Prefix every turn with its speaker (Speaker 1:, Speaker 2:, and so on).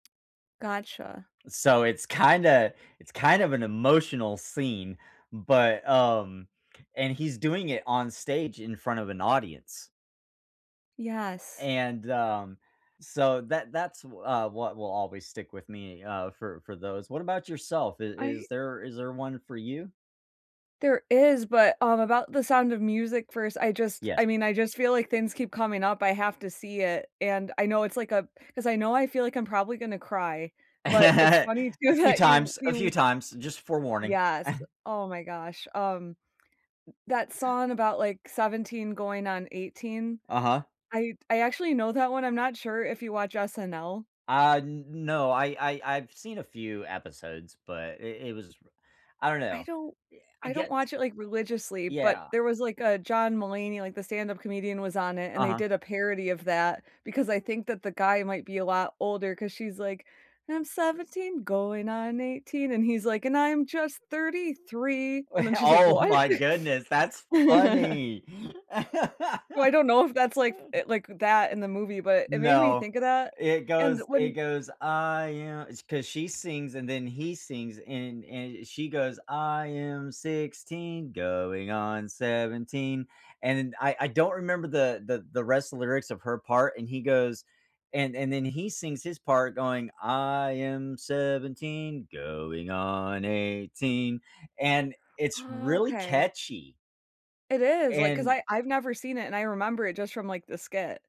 Speaker 1: Gotcha.
Speaker 2: So it's kinda it's kind of an emotional scene. But, um, and he's doing it on stage in front of an audience.
Speaker 1: Yes.
Speaker 2: And, um, so that that's wh uh, what will always stick with me, uh, for for those. What about yourself? Is
Speaker 1: I
Speaker 2: is there is there one for you?
Speaker 1: There is, but, um, about the Sound of Music first, I just, I
Speaker 2: Yes.
Speaker 1: mean, I just feel like things keep coming up. I have to see it, and I know it's like a 'cause I know I feel like I'm probably gonna cry, but it's funny
Speaker 2: A
Speaker 1: too
Speaker 2: few
Speaker 1: that you
Speaker 2: times, a few
Speaker 1: you
Speaker 2: times, just fore warning.
Speaker 1: Yes, oh my gosh. Um, mm that song about like 17 going on 18,
Speaker 2: Uh-huh.
Speaker 1: I I actually know that one. I'm not sure if you watch SNL.
Speaker 2: Uh, n no, I I I've seen a few episodes, but it it was r I don't
Speaker 1: I
Speaker 2: know.
Speaker 1: don't
Speaker 2: Eh, I
Speaker 1: I don't
Speaker 2: guess
Speaker 1: watch it like religiously, but
Speaker 2: Yeah.
Speaker 1: there was, like, a John Mulaney, like the stand-up comedian was on it, and they
Speaker 2: Uh-huh.
Speaker 1: did a parody of that. Because I think that the guy might be a lot older, 'cause she's like, I'm 17 going on 18, and he's like, "And I'm just 33." And then she's like,
Speaker 2: Oh
Speaker 1: "What?"
Speaker 2: my goodness, that's funny.
Speaker 1: So I don't know if that's, like, f if, like, that in the movie, but it made me
Speaker 2: No.
Speaker 1: think of that.
Speaker 2: It
Speaker 1: And
Speaker 2: goes it
Speaker 1: when
Speaker 2: goes, I am It's 'cause she sings and then he sings and and she goes, I am 16 going on 17. And I I I don't remember the the the rest of the lyrics of her part. And he goes and and then he sings his part going, I am 17 going on 18. and it's really
Speaker 1: Okay.
Speaker 2: catchy.
Speaker 1: It is. Like, cause
Speaker 2: And
Speaker 1: I I've never seen it, and I remember it just from like the skit.